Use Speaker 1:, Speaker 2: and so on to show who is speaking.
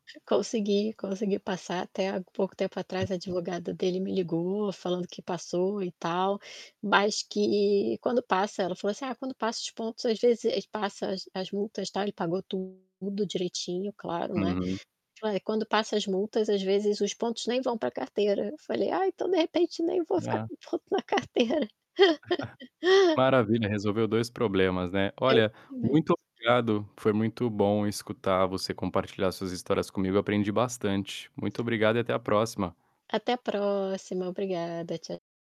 Speaker 1: Consegui, consegui passar até há pouco tempo atrás, a advogada dele me ligou falando que passou e tal. Mas que quando passa ela falou assim: "Ah quando passa os pontos às vezes ele passa as as multas tal" ele pagou tudo direitinho claro, né.
Speaker 2: Uhum.
Speaker 1: Falou: "Eh, quando passa as multas às vezes os pontos nem vão pra carteira". Eu falei: "Ai então de repente nem vou ficar
Speaker 2: Dá.
Speaker 1: com ponto na carteira."
Speaker 2: Maravilha, resolveu 2 problemas, né. Olha,
Speaker 1: Exatamente.
Speaker 2: muito obrigado, foi muito bom escutar você compartilhar suas histórias comigo, aprendi bastante. Muito obrigado e até a próxima.
Speaker 1: Até a próxima obrigada. Tcha